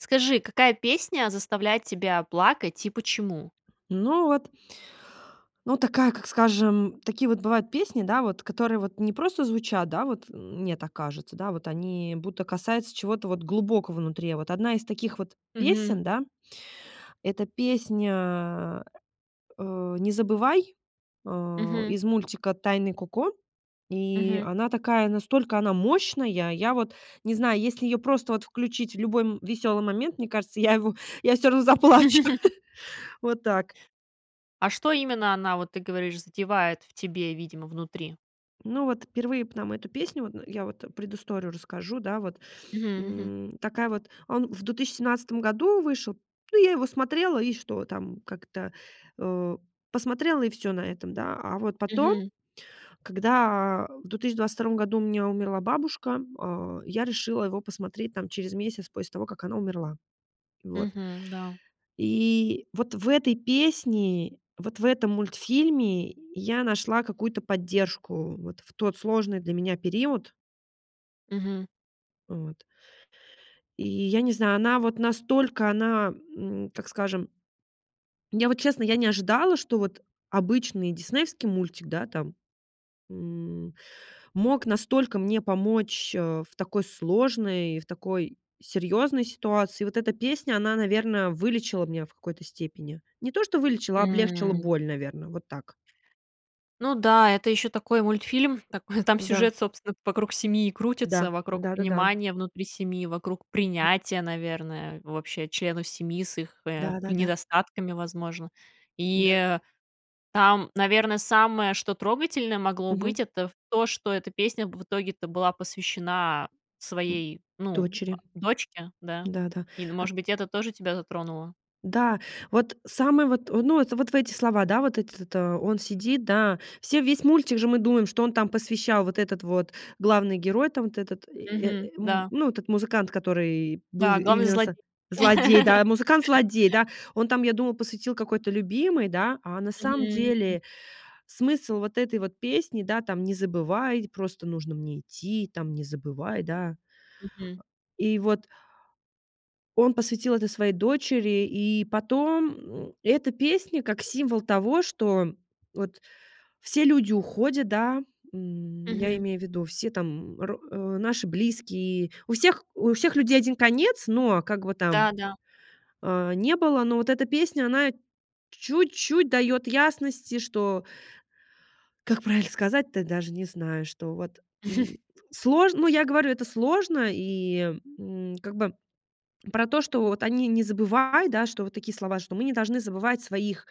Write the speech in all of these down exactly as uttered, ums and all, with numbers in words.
Скажи, какая песня заставляет тебя плакать и почему? Ну, вот ну такая, как скажем, такие вот бывают песни, да вот, которые вот не просто звучат, да, вот м мне так кажется, да, вот они будто касаются чего-то вот глубокого внутри. А вот одна из таких вот Мгм. песен, да, это песня, э, "Не забывай", э, Мгм. из мультика "Тайны Коко". И Мгм. она такая настолько она мощная. Я вот не знаю, если её просто вот включить в любой, м, весёлый момент, мне кажется, я его я всё равно заплачу. Вот так. А что именно она, вот ты говоришь, задевает в тебе, видимо, внутри? Ну, вот впервые б нам эту песню, вот н я вот предысторию расскажу, да вот. Мгм, мгм. М, такая вот А он в две тысячи семнадцатом году вышел, ну, я его смотрела и что там как-то, э, посмотрела и всё на этом, да. А вот потом, Мгм. когда в две тысячи двадцать втором году у меня умерла бабушка, а, я решила его посмотреть там через месяц после того, как она умерла. Вот. Мгм, да. И вот в этой песне, вот в этом мультфильме, я нашла какую-то поддержку вот в тот сложный для меня период. Мгм. Вот. И я не знаю, она вот настолько, она, м, так скажем Я, вот честно, я не ожидала, что вот обычный диснеевский мультик, да там, м, мог настолько мне помочь, э, в такой сложной и в такой серьёзной ситуации. Вот эта песня, она, наверно, вылечила меня в какой-то степени. Не то, что вылечила, а облегчила М. боль, наверно, вот так. Ну да, это ещё такой мультфильм, такой там Да. сюжет, собственно, вокруг семьи и Да. крутится, вокруг Да-да-да. понимания внутри семьи, вокруг принятия, наверное, вообще членов семьи с их, э, п Да-да-да. недостатками, возможно. Да. И там, наверно, самое, что трогательное могло быть, Мгм. это в то, что эта песня в итоге-то была посвящена М, своей, ну, а, дочери. дочке, да, Да-да. и, ну, А может быть, это тоже тебя затронуло. Да. Вот самый вот, э, ну, это вот в эти слова, да, вот это то. Он сидит, да. Все весь мультик же мы думаем, что он там посвящал вот этот вот главный герой, там вот этот и, э, Мгм, м, да. ну, этот музыкант, который был Да, главный именно зло со злодей, да, музыкант-злодей, да. Он там, я думала, посвятил какой-то любимой, да. А на самом Мгм, мгм. деле смысл вот этой вот песни, да, там: "Не забывай, просто нужно мне идти, там, не забывай", да. Мгм. И вот он посвятил это своей дочери. И потом эта песня как символ того, что вот все люди уходят, да, м, я Мгм. имею в виду, все там, м, ро э, наши близкие. У всех у всех людей один конец, но как бы там, Да-да. э, не было, но вот эта песня, она чуть-чуть даёт ясности, что как правильно сказать-то, даже не знаю, что вот, м, сложно, ну, я говорю, это сложно и, м, как бы про то, что вот они не забывают, да, что вот такие слова, что мы не должны забывать своих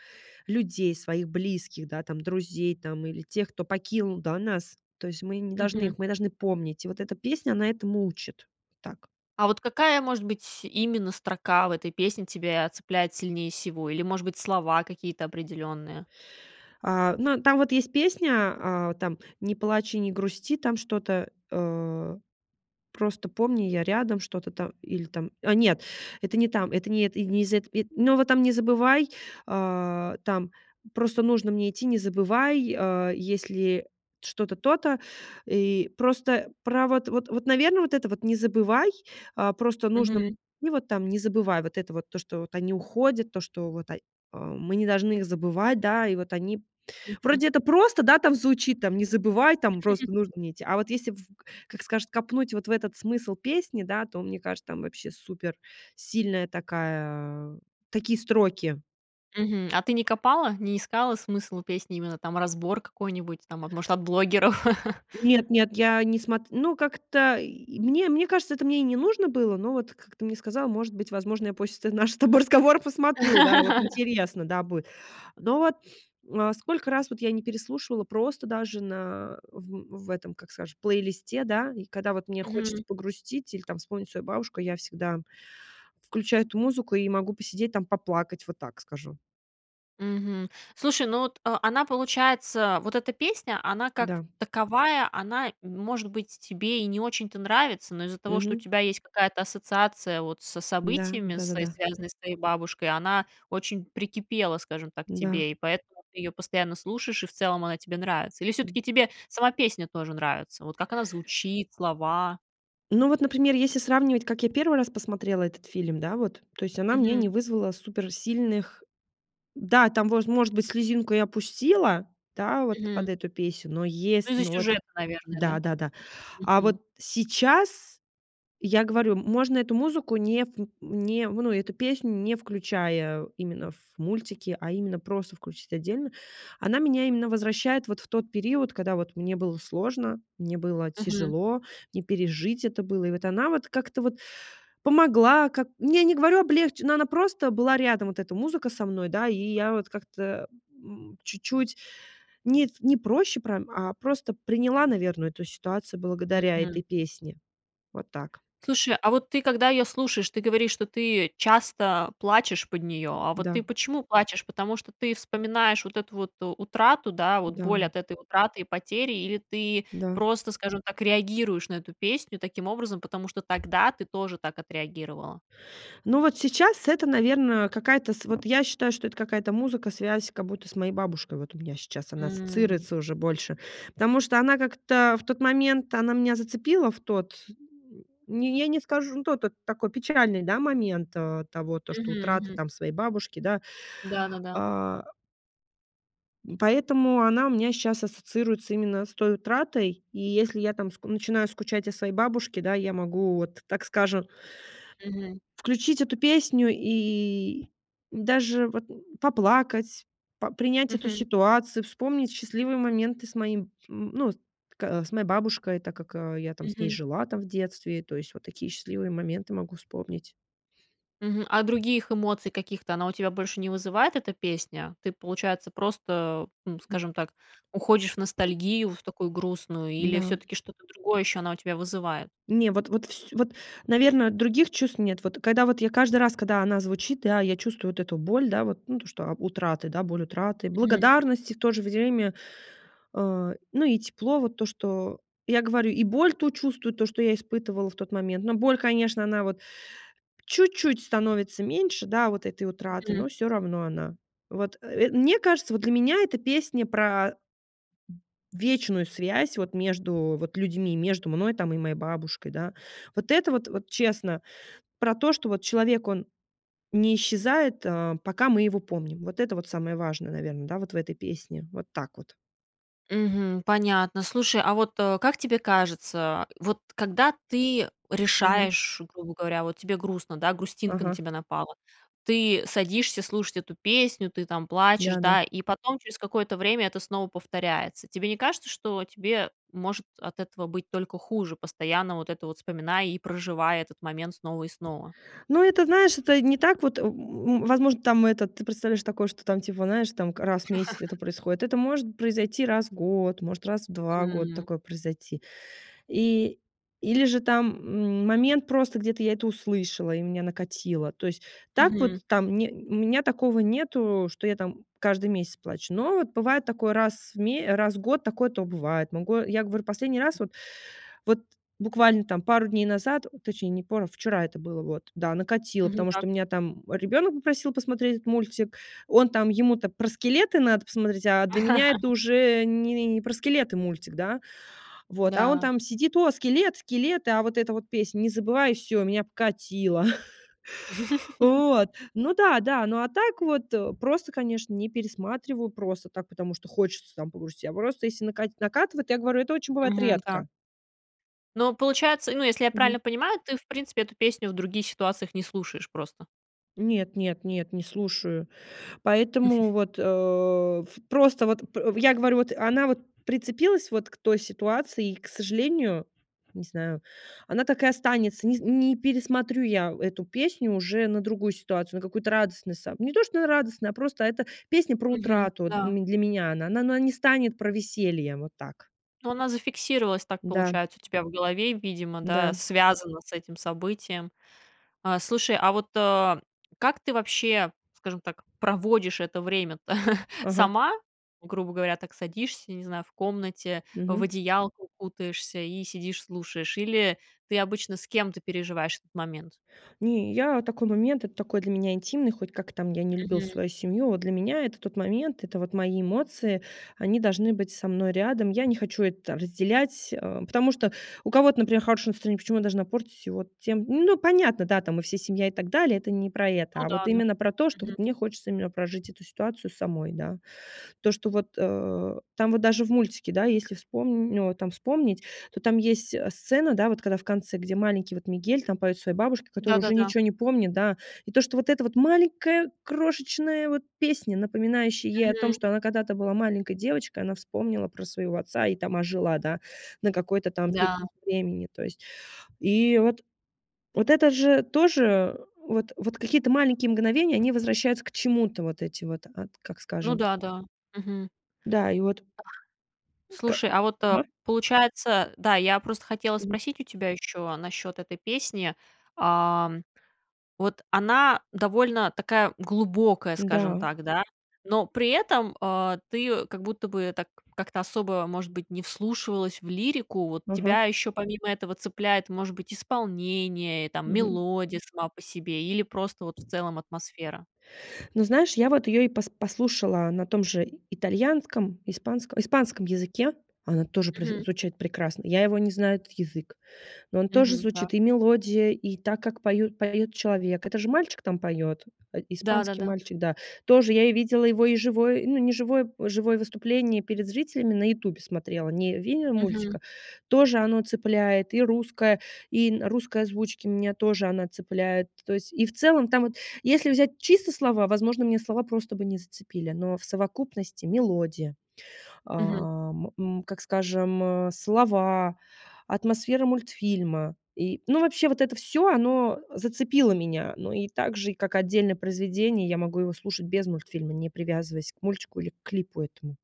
людей, своих близких, да, там друзей, там или тех, кто покинул, да, нас. То есть мы не должны Мгм. их мы должны помнить. И вот эта песня, она этому учит, так. А вот какая, может быть, именно строка в этой песне тебя цепляет сильнее всего или, может быть, слова какие-то определенные? А, ну, там вот есть песня, а, там: "Не плачь и не грусти". Там что-то, э: "Просто помни, я рядом". Что-то там или там, а нет, это не там, это не это, и не из эт э, но вот там "Не забывай", а, "там просто нужно мне идти, не забывай", а, "есть ли что-то то-то." И просто про вот вот вот, наверно, вот это вот не забывай, а, просто нужно Мгм. и вот там не забывай вот это вот то, что вот они уходят, то, что вот, а а мы не должны их забывать, да, и вот они Мгм. Вроде это просто, да, там звучит там, не забывай, там, просто нужно мне идти. А вот если в к как скажет, копнуть вот в этот смысл песни, да, то, мне кажется, там вообще суперсильная такая, такие строки. Мгм. А ты не копала, не искала смысл песни, именно там разбор какой-нибудь, там, а, может, от блогеров? Нет-нет, я не смот ну, как-то, и мне мне кажется, это мне и не нужно было, но вот, как ты мне сказала, может быть, возможно, я после ты нашего с тобой разговора посмотрю, да, вот интересно, да, будет. Но вот, э, сколько раз вот я не переслушивала просто даже на в в этом, как скажем, плейлисте, да, и когда вот мне хочется Мгм. погрустить или там вспомнить свою бабушку, я всегда включаю эту музыку и могу посидеть там, поплакать. Вот так скажу. Мгм, слушай, ну вот, а, она получается, вот эта песня, она как Да. таковая, она, может быть, тебе и не очень-то нравится, но из-за того, что у Мгм. тебя есть какая-то ассоциация вот с Да, событиями, с да-да-да. связанными с твоей бабушкой, она очень прикипела, скажем так, к Да. тебе, и поэтому ты её постоянно слушаешь, и в целом она тебе нравится. Или М. всё-таки тебе сама песня тоже нравится, вот как она звучит, слова? Но вот, например, если сравнивать, как я первый раз посмотрела этот фильм, да, вот. То есть она мне Мгм. не вызвала суперсильных Да, там воз может быть, слезинку я пустила, да, вот под Мгм. эту песню, но Ну, есл из-за но вот сюжета, наверное, да? Да-да-да. А Мгм. вот сейчас я говорю, м можно эту музыку не в не ну, эту песню не включая именно в мультики, а именно просто включить отдельно. Она меня именно возвращает вот в тот период, когда вот мне было сложно, мне было Мгм. тяжело, не пережить это было. И вот она вот как-то вот помогла как Я не говорю облегче но она просто была рядом, вот эта музыка со мной, да. И я вот как-то, э, м, чуть-чуть не в не проще прям, а просто приняла, наверно, эту ситуацию благодаря Мгм. этой песне. Вот так. Слушай, а вот ты, когда её слушаешь, ты говоришь, что ты часто плачешь под неё. А вот Да. ты почему плачешь, потому что ты вспоминаешь вот эту вот утрату, да, вот боль Да. от этой утраты и потери или ты Да. просто, скажем так, реагируешь на эту песню таким образом, потому что тогда ты тоже так отреагировала? Ну, вот сейчас это, наверно, какая-то с вот я считаю, что это какая-то музыка, связь как будто с моей бабушкой, вот у меня сейчас она М. ассоциируется уже больше. Потому что она как-то в тот момент, она меня зацепила в тот, м, не я не скажу, ну, тот это такой печальный, да, момент, э, того, то, что Мгм, утрата мгм. там своей бабушки, да. Да-да-да. А М, поэтому она у меня щас ассоциируется именно с той утратой. И если я там ск начинаю скучать о своей бабушке, да, я могу вот, так скажем Мгм. включить эту песню и и даже вот поплакать, по принять эту Мгм. ситуацию, вспомнить счастливые моменты с моим, м, ну, с к с моей бабушкой, так как, э, я там с ней Мгм. жила, там в детстве, то есть вот такие счастливые моменты могу вспомнить. Мгм, а других эмоций каких-то она у тебя больше не вызывает, эта песня? Ты, получается, просто, ну, Мгм. скажем так, уходишь в ностальгию в такую грустную или М-да. всё-таки что-то другое ещё она у тебя вызывает? Не, вот вот вс вот, наверно, других чувств нет. Вот когда я вот каждый раз, когда она звучит, да, я чувствую вот эту боль, да, вот, ну, то что, а, утраты, да, боль утраты, Мгм. благодарности и в то же время. А, ну, и тепло, вот то, что я говорю, и боль ту чувствую, то, что я испытывала в тот момент. Но боль, конечно, она вот чуть-чуть становится меньше, да, вот этой утраты, Мгм. но всё равно она Вот, э, мне кажется, вот для меня эта песня про вечную связь вот между вот людьми, между мной там и моей бабушкой, да. Вот это вот вот честно, про то, что вот человек, он не исчезает, э, пока мы его помним. Вот это вот самое важное, наверно, да, вот в этой песне. Вот так вот. Мгм. Понятно. Слушай, а вот, э, как тебе кажется, вот когда ты Мгм. решаешь, грубо говоря, вот тебе грустно, да, грустинка на Ага. тебя напала. Ты садишься слушать эту песню, ты там плачешь, Да, да. да, и потом через какое-то время это снова повторяется. Тебе не кажется, что тебе может от этого быть только хуже, постоянно вот это вот вспоминая и проживая этот момент снова и снова? Ну это, знаешь, это не так вот, в м возможно, там этот ты представляешь такое, что там типа, знаешь, там к раз в месяц это происходит. Это может произойти раз в год, может раз в два года М. такое произойти. И или же там, м момент, просто где-то я это услышала и меня накатило. То есть так вот, Мгм. там не у меня такого нету, что я там каждый месяц плачу. Но вот бывает такое раз в ме раз в год. Такое то бывает. Могу я говорю, последний раз, вот вот буквально там пару дней назад, точнее, не пару вчера это было вот, да, накатило, Мгм. потому Да. что у меня там ребенок попросил посмотреть этот мультик. Он там ему-то про скелеты надо посмотреть, а для меня это уже не не про скелеты мультик, да? Вот, а он Да. там сидит: "О, скелет, скелеты", а вот эта вот песня "Не забывай", и всё, меня покатило. Вот. Ну да, да. Ну, а так вот просто, конечно, не пересматриваю, просто так, потому что хочется там погрустить. А просто, если накать накатывает, я говорю, это очень бывает Мгм. Так. редко. Но, получается, ну, если я Мгм. правильно понимаю, ты, в принципе, эту песню в других ситуациях не слушаешь просто? Нет нет нет, не слушаю, поэтому вот, э, ф просто вот п я говорю вот, она вот прицепилась вот к той ситуации, и, к сожалению, не знаю, она так и останется. Нез не пересмотрю я эту песню уже на другую ситуацию, на какую-то радостную сам Не то, что на радостную, а просто эта песня про Мгм. утрату для Да. м для меня она. Она она не станет про веселье. Вот так. Ну, она зафиксировалась, так Да. получается, у тебя в голове, видимо, да, Да. связано с этим событием. А слушай, а вот, э, как ты вообще, скажем так, проводишь это время-то: Ага. сама? Грубо говоря, так садишься, не знаю, в комнате, в Мгм. одеялко укутаешься- и сидишь слушаешь? Или ты обычно с кем-то переживаешь этот момент? Не, я такой момент это такой для меня интимный, хоть как там я ни любила Мгм. свою семью, вот для меня это тот момент, это вот мои эмоции, они должны быть со мной рядом. Я не хочу это там разделять, э, потому что у кого-то, например, хорошее настроение, почему я должна портить его тем Ну понятно, да, там мы все семья и так далее, это не про это, Ну а да, вот да. именно про то, что вот Мгм. мне хочется именно прожить эту ситуацию самой, да. То, что вот, э, там вот даже в мультике да, если вспомн ну, вот там вспомнить, то там есть, э, сцена, да вот, когда в конце, где маленький вот Мигель там поет своей бабушке, которая уже Да-да-да. ничего не помнит, да. И то, что вот эта вот маленькая крошечная вот песня, напоминающая ей о том, Мгм. что она когда-то была маленькой девочкой, она вспомнила про своего отца и там ожила, да, на какой-то там период Да. времени то есть. И вот вот это же тоже вот вот какие-то маленькие мгновения, они возвращаются к чему-то вот эти вот, ат как Ну скажем. да, да. Мгм. Да, и вот Ох. Ка Слушай, а вот, э, Ага. получается да, я просто хотела Мгм. спросить у тебя еще насчет этой песни. Ам, вот она довольно такая глубокая, скажем Да. так, да, но при этом, э, ты её как будто бы так как-то особо, может быть, не вслушивалась в лирику. Вот тебя Ага. еще помимо этого цепляет, может быть, исполнение и там Мгм. мелодия сама по себе, или просто вот в целом атмосфера? Ну знаешь, я вот ее и пос послушала на том же итальянском, испанском испанском языке, она тоже произ Мгм. звучит прекрасно. Я его не знаю, этот язык, но он тоже Мгм. Так. звучит: и мелодия, и так, как поют поёт человек. Это же мальчик там поёт, э, испанский Да-да-да. мальчик, да. Тоже я и видела его и живое ну, не живое живое выступление перед зрителями на "Ютубе" смотрела, не видео Мгм. мультика, тоже оно цепляет. И русское, и на русской озвучке меня тоже она цепляет. То есть и в целом там вот, если взять чисто слова, возможно, мне слова просто бы не зацепили, но в совокупности мелодия, Мгм. ам, м, как скажем, слова, атмосфера мультфильма и Ну, вообще вот это всё- оно зацепило меня. Ну и так же и, как отдельное произведение, я могу его слушать без мультфильма, не привязываясь к мультику или к клипу этому.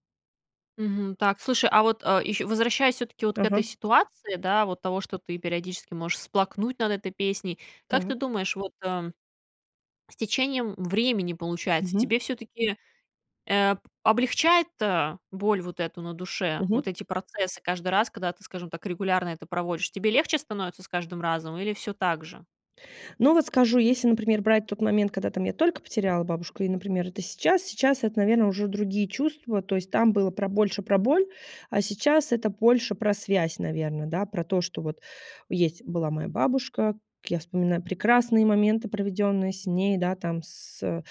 Мгм. Так, слушай, а вот, э, ещ возвращаясь всё-таки вот к Ага. этой ситуации, да, вот того, что ты периодически можешь всплакнуть над этой песней, как ты Так. думаешь вот, э, с течением времени, получается, Мгм. тебе всё-таки, э, облегчает, э, боль вот эту на душе, вот Мгм. эти процессы каждый раз, когда ты, скажем так, регулярно это проводишь? Тебе легче становится с каждым разом или всё так же? Ну, вот скажу, если, например, брать тот момент, когда там я только потеряла бабушку, и, например, это сейчас, сейчас это, наверно, уже другие чувства. То есть там было про больше про боль, а сейчас это больше про связь, наверно, да, про то, что вот есть была моя бабушка, как я вспоминаю прекрасные моменты, проведенные с ней, да, там, с, э,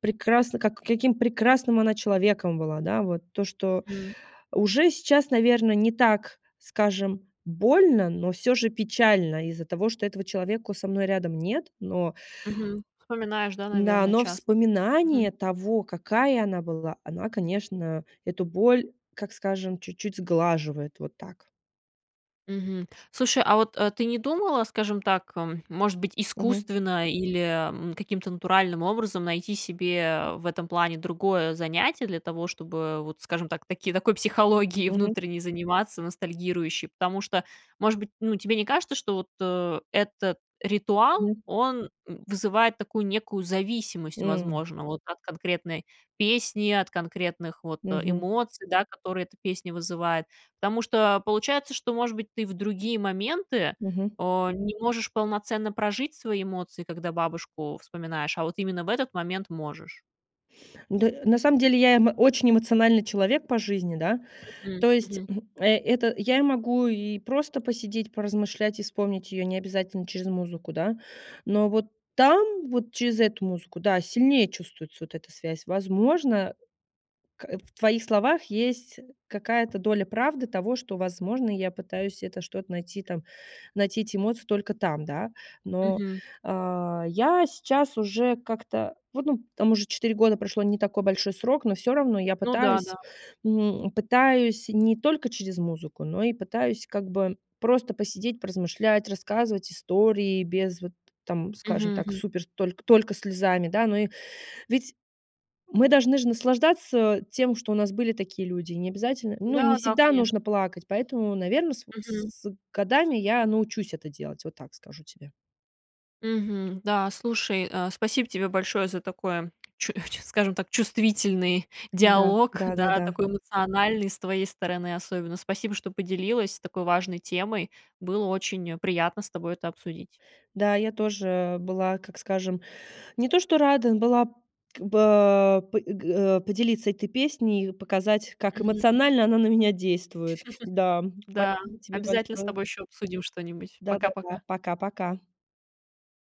прекрасны как каким прекрасным она человеком была, да. Вот то, что Мгм. уже сейчас, наверно, не так, скажем, больно, но всё же печально из-за того, что этого человека у со мной рядом нет. Но Мгм. Вспоминаешь, да, н-да, наверно, но часто. Мгм. вспоминание того, какая она была, она, конечно, эту боль, как скажем, чуть-чуть сглаживает вот так. Мгм. Слушай, а вот, э, ты не думала, скажем так, эм, может быть, Мгм. искусственно или, м, каким-то натуральным образом найти себе в этом плане другое занятие для того, чтобы вот, скажем так, таки такой психологией Мгм. внутренней заниматься ностальгирующей. Потому что, может быть, ну, тебе не кажется, что вот, э, этот ритуал, Мгм. он, м, вызывает такую некую зависимость, М. возможно, вот от конкретной песни, от конкретных вот Мгм. эмоций, да, которые эта песня вызывает. Потому что получается, что, может быть, ты в другие моменты, Мгм. э, не можешь полноценно прожить свои эмоции, когда бабушку вспоминаешь, а вот именно в этот момент можешь. Д на самом деле я, м, очень эмоциональный человек по жизни, да. М, То есть, мгм. хм, э это я и могу и просто посидеть, поразмышлять, и вспомнить ее необязательно через музыку, да, но вот там вот через эту музыку, да, сильнее чувствуется вот эта связь. Возможно, к в твоих словах есть какая-то доля правды того, что, возможно, я пытаюсь это что-то найти там найти эти эмоции только там, да. Но, Мгм. э, я сейчас уже как-то вот, ну, там уже четыре года прошло, не такой большой срок. Но всё равно я Ну пытаюсь, да-да. м, пытаюсь не только через музыку, но и пытаюсь как бы просто посидеть, поразмышлять, рассказывать истории без вот там, скажем Мгм так, мгм. супер только только слезами, да. Ну и ведь мы должны же наслаждаться тем, что у нас были такие люди, и необязательно ну, не Да, да, всегда конечно. нужно плакать, поэтому, наверно, с в Мгм. с с годами я научусь это делать. Вот так скажу тебе. Мгм. Да, слушай, э, спасибо тебе большое за такое, чу чу скажем так, чувствительный Да, диалог, да, да-да-да. такой эмоциональный с твоей стороны особенно! Спасибо, что поделилась такой важной темой! Было очень, э, приятно с тобой это обсудить! Да, я тоже была, как скажем, не то что рада была как бы п э, г э, поделиться этой песней и показать, как Мгм, м. эмоционально она на меня действует. Да. Да, Спасибо тебе обязательно с большое! тобой еще обсудим что-нибудь. Да-да-да. Пока-пока. Пока-пока!